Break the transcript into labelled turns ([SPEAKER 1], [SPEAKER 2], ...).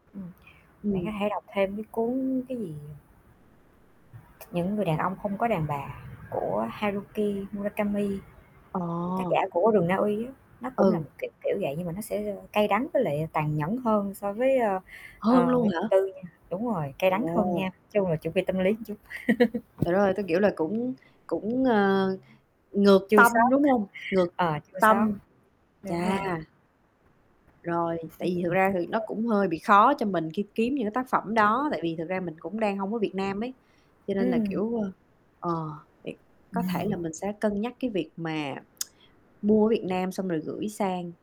[SPEAKER 1] Ừm. Bạn có
[SPEAKER 2] Ừm.
[SPEAKER 1] thể đọc thêm cái cuốn cái gì? Những người đàn ông không có đàn bà của Haruki Murakami.
[SPEAKER 2] Ờ.
[SPEAKER 1] Tác giả của Rừng Na Uy á, nó cũng là một
[SPEAKER 2] Ừ.
[SPEAKER 1] kiểu kiểu vậy, nhưng mà nó sẽ, ơ, cay đắng với lại tàn nhẫn hơn so với, ơ,
[SPEAKER 2] Hơn
[SPEAKER 1] ờ,
[SPEAKER 2] luôn
[SPEAKER 1] Nguyễn Ngọc
[SPEAKER 2] hả?
[SPEAKER 1] Tư nha đúng rồi, cay đắng hơn nha,
[SPEAKER 2] Ồ.
[SPEAKER 1] nói chung là chuẩn bị tâm lý chút.
[SPEAKER 2] Trời đất ơi! Tui, kiểu, là cũng cũng, ờ, ngược
[SPEAKER 1] Chua xót,
[SPEAKER 2] tâm, đúng hông? Ngược
[SPEAKER 1] ờ, chua
[SPEAKER 2] tâm.
[SPEAKER 1] xót, đúng
[SPEAKER 2] Chà.
[SPEAKER 1] rồi.
[SPEAKER 2] Rồi, tại vì thực ra thì
[SPEAKER 1] [unintelligible]
[SPEAKER 2] nó
[SPEAKER 1] Kê.
[SPEAKER 2] cũng hơi bị khó cho mình khi kiếm những cái tác phẩm đó, tại vì thực ra mình cũng đang hông ở Việt Nam ấy, cho nên là,
[SPEAKER 1] Ừm.
[SPEAKER 2] kiểu, ơ, ờ, [unintelligible] có thể là mình sẽ cân nhắc cái việc mà mua ở Việt Nam xong rồi gửi sang.